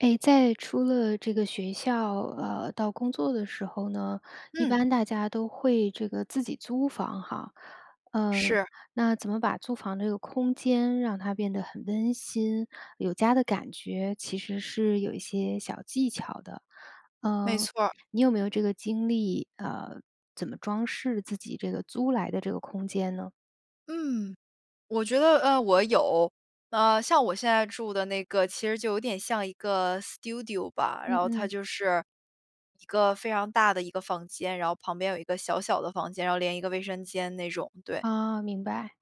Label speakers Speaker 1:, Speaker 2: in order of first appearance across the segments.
Speaker 1: 哎，在出了这个学校，呃，到工作的时候呢，一
Speaker 2: 嗯。
Speaker 1: 般大家都会这个自己租房哈。呃，
Speaker 2: 是。
Speaker 1: 那怎么把租房这个空间让它变得很温馨、有家的感觉，其实是有一些小技巧的，
Speaker 2: 没
Speaker 1: 呃，
Speaker 2: 错儿。
Speaker 1: 你有没有这个经历？呃，怎么装饰自己这个租来的这个空间呢？
Speaker 2: 嗯，我觉得，呃，我有。呃，像我现在住的那个，其实就有点像一个 Studio 吧。然
Speaker 1: 嗯
Speaker 2: 后它
Speaker 1: 嗯。
Speaker 2: 就是，一个非常大的一个房间，然后旁边有一个小小的房间，然后连一个卫生间那种，对。啊，
Speaker 1: 哦，明白。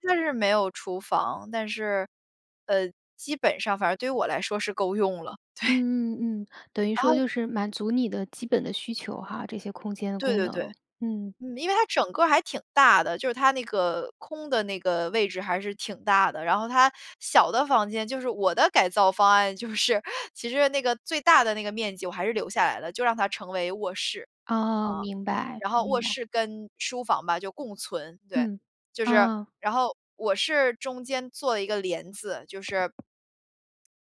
Speaker 2: 它就是没有厨房，但是，呃，基本上反正对于我来说是够用了，对。
Speaker 1: 嗯嗯嗯，等于
Speaker 2: 然
Speaker 1: 说
Speaker 2: 后
Speaker 1: 就是满足你的基本的需求哈，这些空间的
Speaker 2: 对
Speaker 1: 功
Speaker 2: 对
Speaker 1: 能
Speaker 2: 对。
Speaker 1: 嗯。
Speaker 2: 嗯，因为它整个还挺大的，就是它那个空的那个位置还是挺大的，然后它小的房间就是我的改造方案，就是其实那个最大的那个面积我还是留下来了，就让它成为卧室。
Speaker 1: 哦，
Speaker 2: 啊，
Speaker 1: 明白
Speaker 2: 然后
Speaker 1: 明
Speaker 2: 卧
Speaker 1: 白。
Speaker 2: 室跟书房吧，就共存，对。
Speaker 1: 嗯，
Speaker 2: 就是
Speaker 1: 啊。
Speaker 2: 然后，我是中间做了一个帘子，就是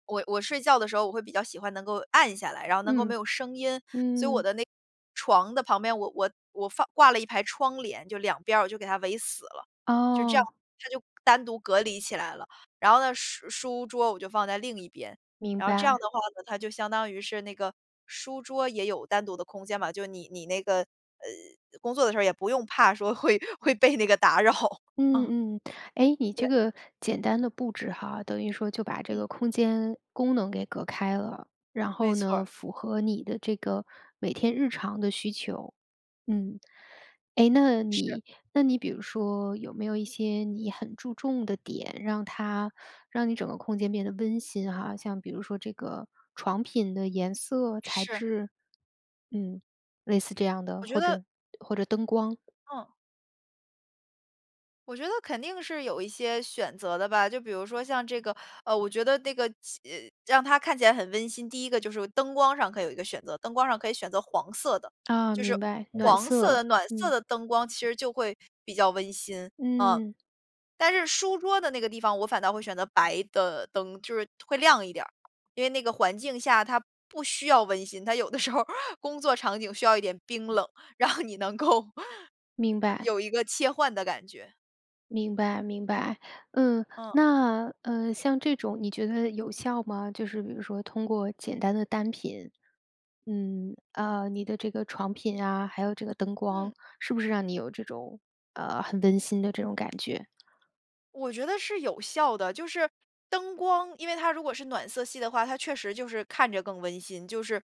Speaker 2: 我我睡觉的时候我会比较喜欢能够暗下来，然后能够没
Speaker 1: 嗯，
Speaker 2: 有声音，所以我
Speaker 1: 嗯。
Speaker 2: 的那床的旁边，我我我放挂了一排窗帘，就2边儿我就给它围死了。就这样，
Speaker 1: 哦。
Speaker 2: 它就单独隔离起来了。然后呢，书书桌我就放在另一边，
Speaker 1: 明
Speaker 2: 然后这样
Speaker 1: 白。
Speaker 2: 的话呢，它就相当于是那个，书桌也有单独的空间嘛，就你你那个，呃，工作的时候也不用怕说会会被那个打扰。嗯。
Speaker 1: 嗯，嗯，哎，你
Speaker 2: 对。
Speaker 1: 这个简单的布置哈，等于说就把这
Speaker 2: 嗯。
Speaker 1: 个空间功能给隔开了，然
Speaker 2: 没
Speaker 1: 后
Speaker 2: 错
Speaker 1: 呢，
Speaker 2: 儿。
Speaker 1: 符合你的这个每天日常的需求，嗯。哎，那
Speaker 2: 是。
Speaker 1: 你那你比如说有没有一些你很注重的点，让它让你整个空间变得温馨哈，像比如说这个床品的颜色、材
Speaker 2: 是。
Speaker 1: 质，嗯，类似这样的，
Speaker 2: 我觉
Speaker 1: 或
Speaker 2: 得。
Speaker 1: 者或者灯光。
Speaker 2: 嗯。我觉得肯定是有一些选择的吧，就比如说像这个呃，我觉得那个起让它看起来很温馨，第一个就是灯光上可以有一个选择。灯光上可以选择黄色的，
Speaker 1: 啊，
Speaker 2: 就是
Speaker 1: 明白，暖
Speaker 2: 黄色
Speaker 1: 色。
Speaker 2: 的、暖色
Speaker 1: 嗯。
Speaker 2: 的灯光其实就会比较温馨，嗯。
Speaker 1: 嗯。
Speaker 2: 但是书桌的那个地方，我反倒会选择白的灯，就是会亮一点儿。因为那个环境下，它不需要温馨，它有的时候儿工作场景需要一点冰冷，然后你能够
Speaker 1: 明白。
Speaker 2: 有一个切换的感觉。
Speaker 1: 明白明白，嗯。
Speaker 2: 嗯。
Speaker 1: 那，呃，像这种你觉得有效吗？就是比如说通过简单的单品嗯，啊，你的这个床品啊，还有这个灯光，
Speaker 2: 嗯。
Speaker 1: 是不是让你有这种呃，很温馨的这种感觉？
Speaker 2: 我觉得是有效的，就是灯光因为它如果是暖色系的话，它确实就是看着更温馨，就是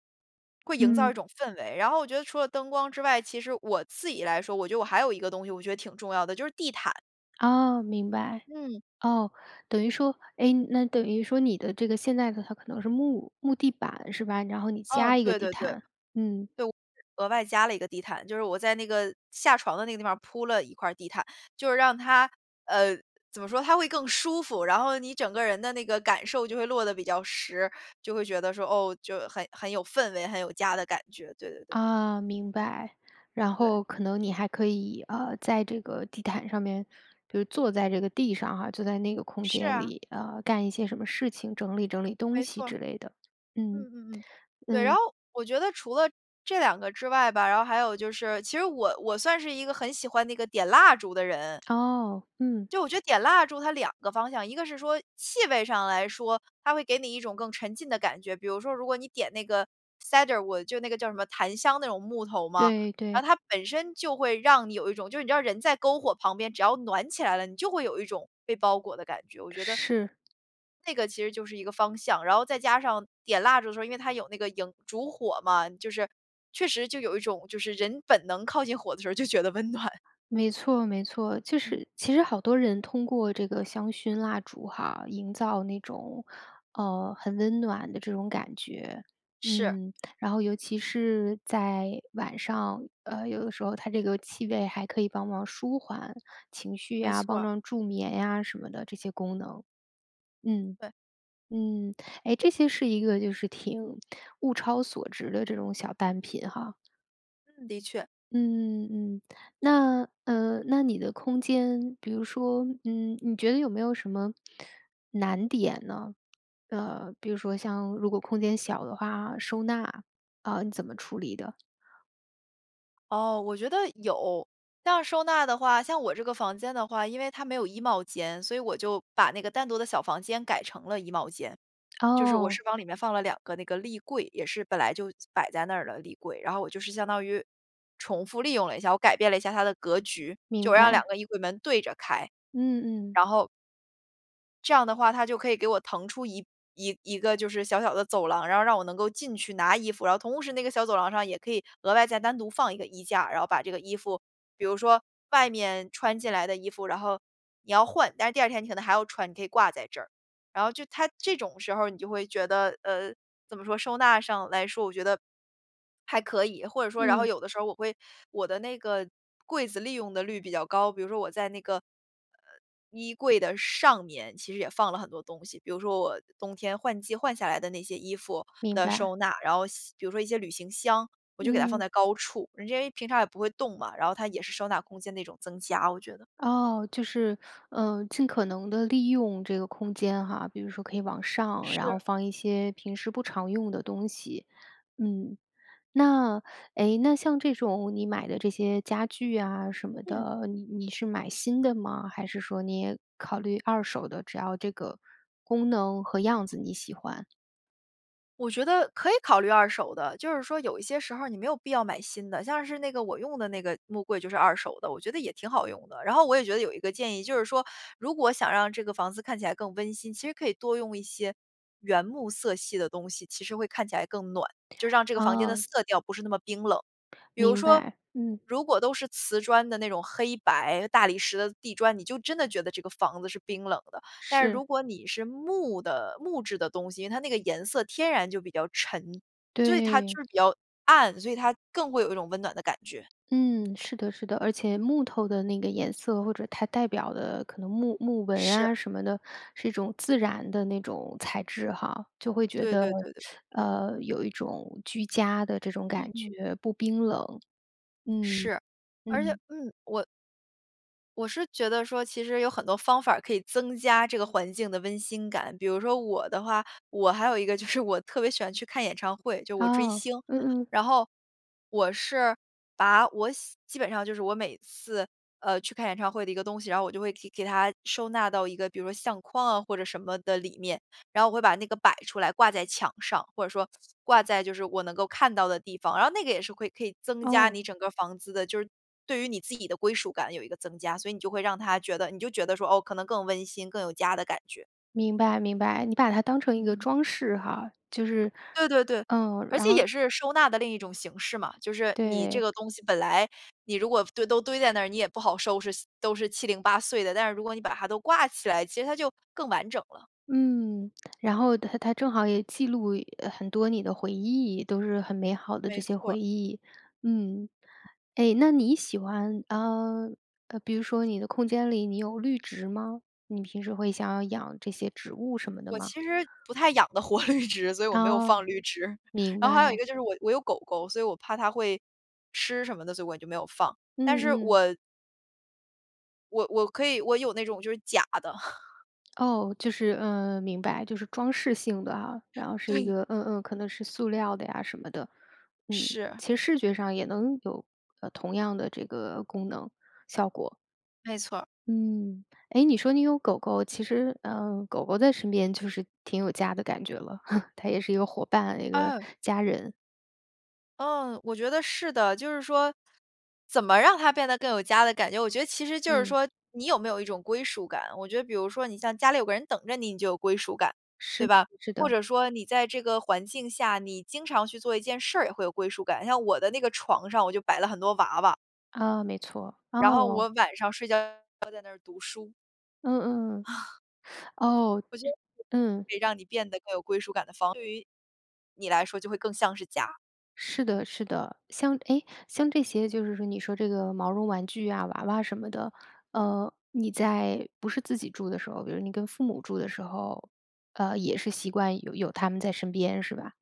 Speaker 2: 会营造一
Speaker 1: 嗯。
Speaker 2: 种氛围。然后我觉得除了灯光之外，其实我自己来说，我觉得我还有一个东西我觉得挺重要的，就是地毯。
Speaker 1: 哦，明白。
Speaker 2: 嗯。
Speaker 1: 哦，等于说哎，那等于说你的这个，现在的它可能是木木地板是吧？然后你
Speaker 2: 嗯，
Speaker 1: 加一个
Speaker 2: 对
Speaker 1: 地
Speaker 2: 对对。对，
Speaker 1: 毯，嗯。
Speaker 2: 就额外加了一个地毯，就是我在那个下床的那个地方儿铺了一块儿地毯，就是让它呃，怎么说，它会更舒服，然后你整个人的那个感受就会落得比较实，就会觉得说，哦，就很很有氛围，很有家的感觉，对对对。
Speaker 1: 啊，明白。然
Speaker 2: 对。
Speaker 1: 后可能你还可以，呃，在这个地毯上面，就坐在这个地上哈，坐在那个空
Speaker 2: 是
Speaker 1: 间
Speaker 2: 啊。
Speaker 1: 里，呃，干一些什么事情，整理整理东
Speaker 2: 没
Speaker 1: 西
Speaker 2: 错儿。
Speaker 1: 之类的。嗯，
Speaker 2: 嗯嗯嗯，对，然
Speaker 1: 嗯。
Speaker 2: 后我觉得除了这2个之外吧，然后还有就是其实我我算是一个很喜欢那个点蜡烛的人。
Speaker 1: 哦，嗯。
Speaker 2: 就我觉得点蜡烛它两个方向。一个是说气味上来说，它会给你一种更沉浸的感觉。比如说，如果你点那个 Sandalwood，就那个叫什么，檀香那种木头嘛，
Speaker 1: 对
Speaker 2: 然
Speaker 1: 对。
Speaker 2: 后它本身就会让你有一种就是你知道人在篝火旁边，只要暖起来了，你就会有一种被包裹的感觉，我觉得
Speaker 1: 是。
Speaker 2: 那个其实就是一个方向。然后再加上点蜡烛的时候，因为它有那个萤烛火嘛，就是确实就有一种就是人本能靠近火的时候就觉得温暖。
Speaker 1: 没错没错。就
Speaker 2: 嗯。
Speaker 1: 是其实好多人通过这个香薰蜡烛哈，营造那种，呃，很温暖的这种感觉，
Speaker 2: 是。
Speaker 1: 嗯。然后尤其是在晚上，呃，有的时候它这个气味还可以帮忙舒缓情绪
Speaker 2: 没
Speaker 1: 呀，
Speaker 2: 错
Speaker 1: 帮
Speaker 2: 儿。
Speaker 1: 帮助眠呀什么的，这些功能。嗯，
Speaker 2: 对。
Speaker 1: 嗯，哎，这些是一个就是挺物超所值的这种小单品哈。
Speaker 2: 嗯，的确。
Speaker 1: 嗯嗯。那呃，那你的空间，比如说，嗯，你觉得有没有什么难点呢？呃，比如说像如果空间小的话，收纳，呃，你怎么处理的？
Speaker 2: 哦，我觉得有。但要收纳的话，像我这个房间的话，因为它没有衣帽间，所以我就把那个单独的小房间改成了衣帽间。就是我
Speaker 1: 哦。
Speaker 2: 是往里面放了两个那个立柜，也是本来就摆在那儿的立柜。然后我就是相当于重复利用了一下，我改变了一下它的格局，就
Speaker 1: 明
Speaker 2: 我让两
Speaker 1: 白。
Speaker 2: 个衣柜门对着开。
Speaker 1: 嗯嗯。
Speaker 2: 然后这样的话它就可以给我腾出一一一个就是小小的走廊，然后让我能够进去拿衣服。然后同时那个小走廊上也可以额外再单独放一个衣架，然后把这个衣服，比如说外面穿进来的衣服，然后你要换，但是第2天你可能还要穿，你可以挂在这儿。然后就它这种时候儿你就会觉得，呃，怎么说，收纳上来说，我觉得，还可以。或者说然后
Speaker 1: 嗯。
Speaker 2: 有的时候我会我的那个柜子利用的率比较高。比如说我在那个，呃，衣柜的上面其实也放了很多东西，比如说我冬天换季换下来的那些衣服
Speaker 1: 明
Speaker 2: 的
Speaker 1: 白。
Speaker 2: 收纳，然后像比如说一些旅行箱，我就给它放
Speaker 1: 嗯。
Speaker 2: 在高处，就因为平常也不会动嘛，然后它也是收纳空间的一种增加我觉得。
Speaker 1: 哦，就是，呃，尽可能地利用这个空间哈。比如说可以往上，然后
Speaker 2: 是。
Speaker 1: 放一些平时不常用的东西。嗯，那哎，那像这种你买的这些家具啊什么
Speaker 2: 嗯。
Speaker 1: 的，你你是买新的吗，还是说你也考虑二手的？只要这个功能和样子你喜欢。
Speaker 2: 我觉得可以考虑二手的，就是说有一些时候儿你没有必要买新的。像是那个我用的那个木柜就是二手的，我觉得也挺好用的。然后我也觉得有一个建议，就是说，如果想让这个房子看起来更温馨，其实可以多用一些原木色系的东西，其实会看起来更暖，就让这个房间的
Speaker 1: 哦。
Speaker 2: 色调不是那么冰冷。比如
Speaker 1: 明
Speaker 2: 说，
Speaker 1: 白，嗯。
Speaker 2: 如果都是瓷砖的那种黑白大理石的地砖，你就真的觉得这个房子是冰冷的。但是
Speaker 1: 是。
Speaker 2: 如果你是木的木质的东西，它那个颜色天然就比较沉对，它就
Speaker 1: 对。
Speaker 2: 是比较暗，所以它更会有一种温暖的感觉。
Speaker 1: 嗯，是的是的。而且木头的那个颜色或者它代表的可能木木纹
Speaker 2: 是。
Speaker 1: 啊什么的，是一种自然的那种材质哈。就会觉
Speaker 2: 对
Speaker 1: 得，
Speaker 2: 对对对。
Speaker 1: 呃，有一种居家的这种
Speaker 2: 嗯
Speaker 1: 感
Speaker 2: 嗯。
Speaker 1: 觉，不冰冷，嗯，
Speaker 2: 是。而且，
Speaker 1: 嗯。
Speaker 2: 嗯，我我是觉得说，其实有很多方法儿可以增加这个环境的温馨感。比如说我的话，我还有一个就是我特别喜欢去看演唱会，就是我追
Speaker 1: 哦，
Speaker 2: 星。
Speaker 1: 嗯嗯。
Speaker 2: 然后，我是把我喜基本上就是我每次，呃，去看演唱会的一个东西，然后我就会给给它收纳到一个比如说相框啊，或者什么的里面。然后我会把那个摆出来，挂在墙上，或者说挂在就是我能够看到的地方。然后那个也是会可以增加
Speaker 1: 哦。
Speaker 2: 你整个儿房子的就是对于你自己的归属感有一个增加。所以你就会让它觉得你就觉得说，“哦，可能更温馨，更有家的感觉。”
Speaker 1: 明白明白。你把它当成一个
Speaker 2: 嗯。
Speaker 1: 装饰哈，就是，
Speaker 2: 对对对，
Speaker 1: 呃，
Speaker 2: 而
Speaker 1: 然
Speaker 2: 且
Speaker 1: 后
Speaker 2: 也是收纳的另一种形式嘛。就是你这
Speaker 1: 对。
Speaker 2: 个东西本来，你如果堆都堆在那儿，你也不好收拾，都是七零八碎的。但是如果你把它都挂起来，其实它就更完整了。
Speaker 1: 嗯，然后它它正好也记录很多你的回忆，都是很美好的
Speaker 2: 没
Speaker 1: 这些
Speaker 2: 错儿。
Speaker 1: 回忆。嗯，哎，那你喜欢，呃，比如说你的空间里，你有绿植吗？你平时会想要养这些植物什么的
Speaker 2: 我
Speaker 1: 吗？
Speaker 2: 其实不太养得活绿植，所以我没有放
Speaker 1: 哦，
Speaker 2: 绿植。
Speaker 1: 明
Speaker 2: 然后还有一
Speaker 1: 白。
Speaker 2: 个就是我我有狗狗，所以我怕它会吃什么的，所以我就没有放，但
Speaker 1: 嗯
Speaker 2: 是
Speaker 1: 嗯。
Speaker 2: 我我我可以，我有那种就是假的。
Speaker 1: 哦，就是嗯，明白，就是装饰性的啊。然后是一
Speaker 2: 对。
Speaker 1: 个嗯嗯，可能是塑料的呀什么的。嗯，
Speaker 2: 是。
Speaker 1: 其实视觉上也能有，呃，同样的这个功能、效果。
Speaker 2: 没错儿。
Speaker 1: 嗯，哎，你说你有狗狗，其实，呃，狗狗在身边就是挺有家的感觉了，它也是一个伙伴，一个
Speaker 2: 嗯。
Speaker 1: 家人。
Speaker 2: 嗯，我觉得是的。就是说，怎么让它变得更有家的感觉，我觉得其实就是
Speaker 1: 嗯。
Speaker 2: 说你有没有一种归属感。我觉得比如说你像家里有个人等着你，你就有归属感，
Speaker 1: 是
Speaker 2: 对
Speaker 1: 的
Speaker 2: 吧？
Speaker 1: 是
Speaker 2: 或
Speaker 1: 的。
Speaker 2: 者说你在这个环境下，你经常去做一件事儿，也会有归属感。你像我的那个床上我就摆了很多娃娃。
Speaker 1: 啊，没错。
Speaker 2: 然后我
Speaker 1: 哦。
Speaker 2: 晚上睡觉要在那儿读书。
Speaker 1: 嗯嗯。哦，
Speaker 2: 我觉得
Speaker 1: 嗯。
Speaker 2: 可以让你变得更有归属感的方式，对于你来说就会更像是家。
Speaker 1: 是的是的。像哎，像这些就是说你说这个毛绒玩具啊，、娃娃什么的，呃，你在不是自己住的时候，比如你跟父母住的时候，呃，也是习惯有有它们在身边是吧？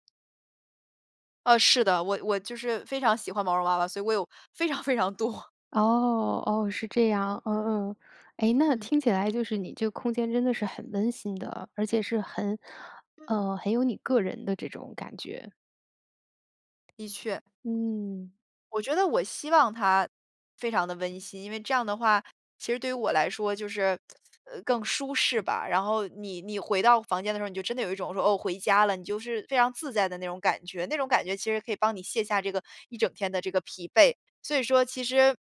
Speaker 2: 呃，是的。我我就是非常喜欢毛绒娃娃，所以我有非常非常多。
Speaker 1: 哦哦，是这样，嗯嗯。哎，那
Speaker 2: 嗯。
Speaker 1: 听起来就是你这个空间真的是很温馨的，而且是很
Speaker 2: 嗯。
Speaker 1: 呃，很有你个人的这种感觉。
Speaker 2: 的确。
Speaker 1: 嗯。
Speaker 2: 我觉得我希望它非常地温馨，因为这样的话，其实对于我来说就是，呃，更舒适吧。然后你你回到房间的时候，你就真的有一种说，哦，回家了，你就是非常自在的那种感觉。那种感觉其实可以帮你卸下这个一整天的这个疲惫。所以说其实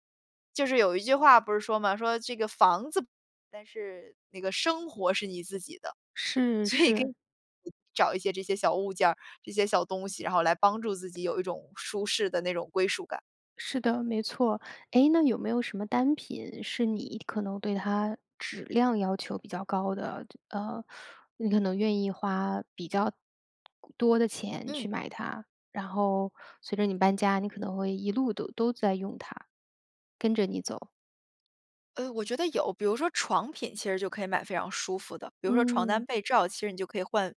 Speaker 2: 就是有一句话不是说吗，说这个“房子，但是那个生活是你自己的。”
Speaker 1: 是
Speaker 2: 所以可
Speaker 1: 是。
Speaker 2: 以，找一些这些小物件儿，这些小东西，然后来帮助自己有一种舒适的那种归属感。
Speaker 1: 是的，没错。哎，那有没有什么单品是你可能对它质量要求比较高的，这呃，你可能愿意花比较多的钱
Speaker 2: 嗯。
Speaker 1: 去买它，然后随着你搬家，你可能会一路都都在用它，跟着你走？
Speaker 2: 呃，我觉得有，比如说床品其实就可以买非常舒服的。比如说床单
Speaker 1: 嗯。
Speaker 2: 被罩，其实你就可以换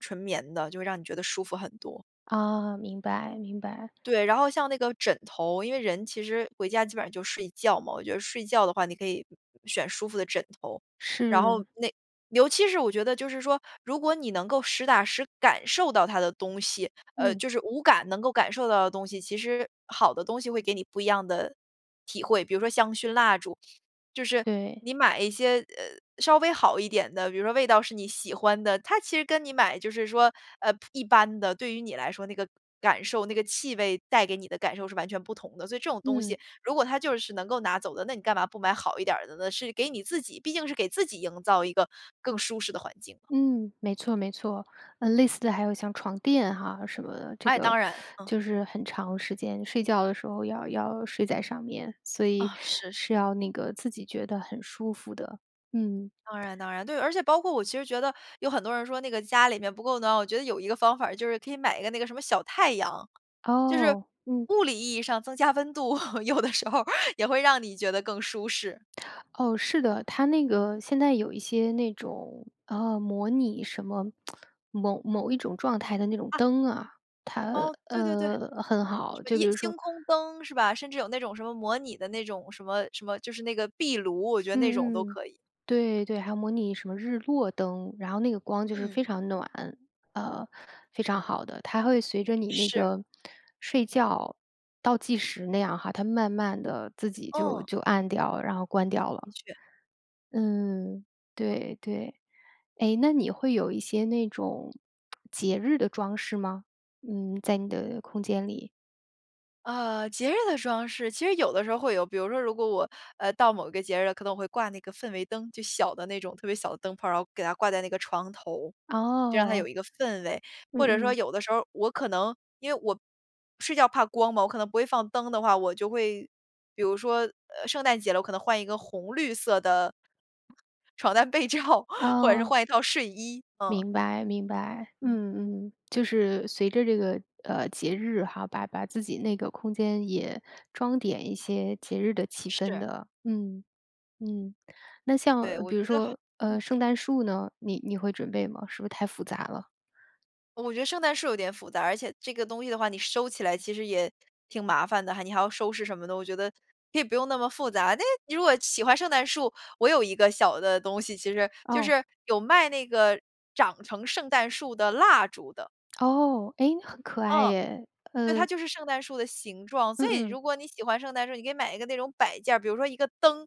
Speaker 2: 纯棉的，就会让你觉得舒服很多。
Speaker 1: 哦，明白，明白。
Speaker 2: 对，然后像那个枕头。因为人其实回家基本上就睡觉嘛，我觉得睡觉的话，你可以选舒服的枕头。然后
Speaker 1: 是。
Speaker 2: 那尤其是我觉得就是说，如果你能够实打实感受到它的东西，呃，
Speaker 1: 嗯。
Speaker 2: 就是5感能够感受到的东西，其实好的东西会给你不一样的体会。比如说香薰蜡烛，就是
Speaker 1: 对。
Speaker 2: 你买一些，呃，稍微好一点的。比如说味道是你喜欢的，它其实跟你买就是说，呃，普一般的对于你来说那个感受，那个气味带给你的感受是完全不同的。所以这种东西，
Speaker 1: 嗯。
Speaker 2: 如果它就是能够拿走的，那你干嘛不买好一点儿的呢，是给你自己毕竟是给自己营造一个更舒适的环境。
Speaker 1: 嗯，没错没错。呃，类似的还有像床垫哈什么的。这
Speaker 2: 哎，
Speaker 1: 个
Speaker 2: 当然，嗯。
Speaker 1: 就是很长时间，睡觉的时候要要睡在上面，所以
Speaker 2: 哦，是
Speaker 1: 是
Speaker 2: 是。
Speaker 1: 要那个自己觉得很舒服的，嗯。
Speaker 2: 当然当然，对。而且包括我其实觉得有很多人说那个家里面不够暖，我觉得有一个方法就是可以买一个那个什么小太阳。就是
Speaker 1: 哦，嗯。
Speaker 2: 物理意义上增加温度，有的时候也会让你觉得更舒适。
Speaker 1: 哦，是的。它那个现在有一些那种，呃，模拟什么某某一种状态的那种
Speaker 2: 啊！
Speaker 1: 灯啊。它，
Speaker 2: 哦，对对对。什
Speaker 1: 呃，很好，
Speaker 2: 么
Speaker 1: 就比
Speaker 2: 夜
Speaker 1: 如
Speaker 2: 星
Speaker 1: 说
Speaker 2: 空灯是吧？甚至有那种什么模拟的那种什么什么就是那个壁炉，我觉得那种都
Speaker 1: 嗯嗯，
Speaker 2: 可以。
Speaker 1: 对对。还有模拟什么日落灯，然后那个光就是
Speaker 2: 嗯。
Speaker 1: 非常暖，呃，非常好的。它会随着你那
Speaker 2: 是。
Speaker 1: 个睡觉倒计时那样哈，它慢慢地自己就
Speaker 2: 嗯。
Speaker 1: 就暗掉，然后关掉了。
Speaker 2: 的确。
Speaker 1: 嗯。
Speaker 2: 嗯。
Speaker 1: 对对。诶，那你会有一些那种节日的装饰吗？嗯，在你的空间里。
Speaker 2: 呃，节日的装饰，其实有的时候会有，比如说如果我，呃，到某个节日了，可能我会挂那个氛围灯，就小的那种特别小的灯泡，然后给它挂在那个床头，就让它有
Speaker 1: 哦。
Speaker 2: 一个氛围。或者
Speaker 1: 嗯
Speaker 2: 说
Speaker 1: 嗯。
Speaker 2: 有的时候我可能因为我睡觉怕光嘛，我可能不会放灯的话，我就会，比如说，呃，圣诞节了，我可能换一个红绿色的床单被罩，或者是
Speaker 1: 哦。
Speaker 2: 换一套睡衣，嗯。
Speaker 1: 明白明白，
Speaker 2: 嗯。
Speaker 1: 嗯嗯。就是随着这个，呃，节日哈，把把自己那个空间也装点一些节日的气氛
Speaker 2: 是。
Speaker 1: 的。嗯，嗯，那
Speaker 2: 对，
Speaker 1: 像
Speaker 2: 我
Speaker 1: 比
Speaker 2: 觉
Speaker 1: 如
Speaker 2: 得好
Speaker 1: 说，
Speaker 2: 嗯。
Speaker 1: 呃，圣诞树呢？你你会准备吗？是不是太复杂了？
Speaker 2: 我觉得圣诞树有点复杂，而且这个东西的话，你收起来其实也挺麻烦的哈，你还要收拾什么的，我觉得可以不用那么复杂。但是你如果喜欢圣诞树，我有一个小的东西其实就
Speaker 1: 哦。
Speaker 2: 是有卖那个长成圣诞树的蜡烛的。
Speaker 1: 哦。哎？很可爱
Speaker 2: 嗯。
Speaker 1: 耶。
Speaker 2: 对，
Speaker 1: 呃。
Speaker 2: 它就是圣诞树的形状，所以
Speaker 1: 嗯
Speaker 2: 如
Speaker 1: 嗯。
Speaker 2: 果你喜欢圣诞树，你可以买一个那种摆件儿，比如说一个灯。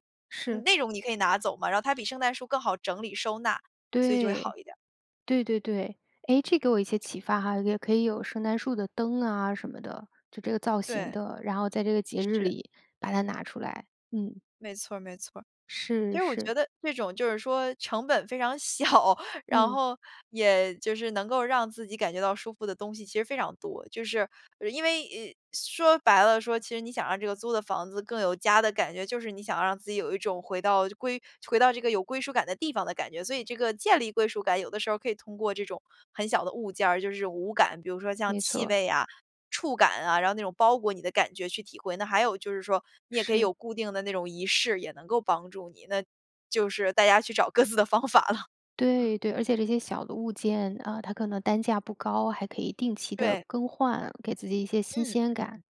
Speaker 2: 你
Speaker 1: 是。
Speaker 2: 那种你可以拿走嘛，然后它比圣诞树更好整理收纳，所以就会好
Speaker 1: 对，
Speaker 2: 一点儿。
Speaker 1: 对对对。哎，这给我一些启发哈，也可以有圣诞树的灯啊什么的，就这个造型
Speaker 2: 对。
Speaker 1: 的，然后在这个节日
Speaker 2: 是。
Speaker 1: 里把它拿出来，嗯。
Speaker 2: 没错儿没错儿。
Speaker 1: 是
Speaker 2: 其实我
Speaker 1: 是。
Speaker 2: 觉得这种就是说成本非常小，然
Speaker 1: 嗯。
Speaker 2: 后也就是能够让自己感觉到舒服的东西其实非常多。就是，呃因为哎，说白了说，其实你想让这个租的房子更有家的感觉，就是你想让自己有一种回到就归回到这个有归属感的地方的感觉，所以这个建立归属感，有的时候可以通过这种很小的物件儿，就是5感，比如说像
Speaker 1: 没
Speaker 2: 气
Speaker 1: 错。
Speaker 2: 味啊，触感啊，然后那种包裹你的感觉去体会。那还有就是说，你也可以
Speaker 1: 是。
Speaker 2: 有固定的那种仪式，也能够帮助你，那就是大家去找各自的方法了。啊。
Speaker 1: 对对，而且这些小的物件，呃，它可能单价不高，还可以定期地
Speaker 2: 对。
Speaker 1: 更换，给自己一些新
Speaker 2: 嗯，嗯
Speaker 1: 鲜感。
Speaker 2: 嗯。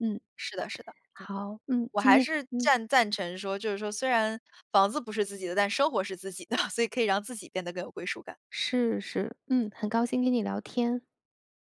Speaker 1: 嗯。
Speaker 2: 是的是的，嗯。
Speaker 1: 好，嗯，
Speaker 2: 我
Speaker 1: 今
Speaker 2: 还
Speaker 1: 天
Speaker 2: 是
Speaker 1: 嗯。
Speaker 2: 赞赞成说，就是说虽然房子不是自己的，但生活是自己的，所以可以让自己变得更有归属感。
Speaker 1: 是是。嗯，很高兴跟你聊天。